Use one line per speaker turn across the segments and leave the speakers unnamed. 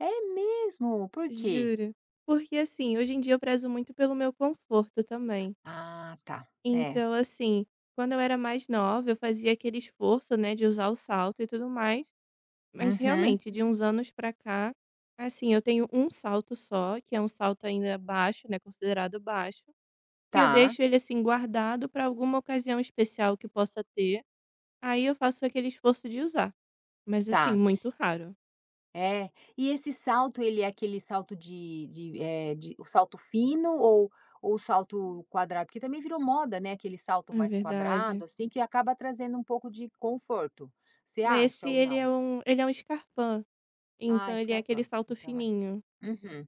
É mesmo, por quê?
Juro. Porque assim, hoje em dia eu prezo muito pelo meu conforto, também.
Ah tá. É.
Então, assim, quando eu era mais nova eu fazia aquele esforço, né, de usar o salto e tudo mais. Mas,
Uhum.
realmente, de uns anos para cá, assim, eu tenho 1 salto só, que é um salto ainda baixo, né, considerado baixo, que eu
Tá.
deixo ele, assim, guardado para alguma ocasião especial que possa ter, aí eu faço aquele esforço de usar, mas assim,
Tá.
muito raro.
É. E esse salto, ele é aquele salto de de, eh, de o salto fino ou o salto quadrado? Porque também virou moda não é aquele salto
É
mais
verdade.
quadrado, assim, que acaba trazendo um pouco de conforto. Você
Mas se
acha ou
ele é
não?
um ele é um scarpa,
Ah,
então, ele é aquele
scarpa,
salto
então, é.
fininho.
Uhum.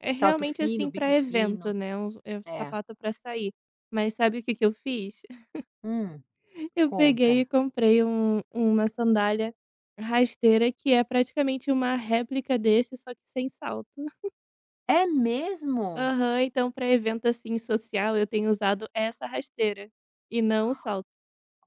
É,
Salto
realmente,
fino,
assim, para
bico
evento,
fino.
né, é u o
É.
sapato para sair. Mas sabe o que que eu fiz?
Hum,
Eu peguei e
conta.
comprei um um uma sandália rasteira que é praticamente uma réplica desse, só que sem salto.
É mesmo?
Aham. Então, para evento assim social, eu tenho usado essa rasteira, e não o salto.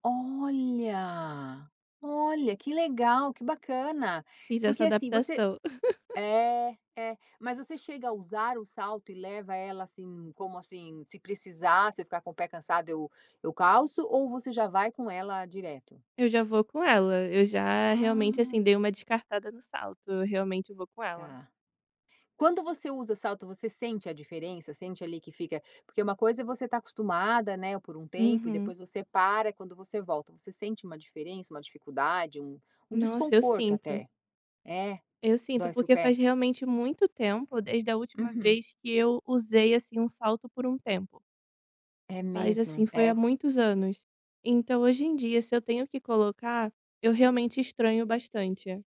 Olha. Olha, que legal, que bacana.
Fiz essa
Porque assim você
adaptação.
É. É. Mas você chega a usar o salto e leva ela, assim como assim, se precisar, você ficar com o pé cansado eu eu calço ou você já vai com ela direto?
Eu já vou com ela, eu já realmente,
Ah.
assim, dei uma descartada no salto, eu realmente vou com ela.
Tá. Quando você usa salto você sente a diferença? Sente ali que fica porque uma coisa é você está acostumada, né, por um tempo e
Uhum.
depois você para, quando você volta, você sente uma diferença, uma dificuldade, um um
Nossa, eu
desconforto
sinto.
até? É.
Eu sinto.
Dói seu
Porque faz
pé.
realmente muito tempo desde a última
Uhum.
vez que eu usei, assim ,um salto por um tempo.
É
Faz,
mesmo,
assim, foi há
é.
muitos anos. Então, hoje em dia, se eu tenho que colocar, eu realmente estranho bastante.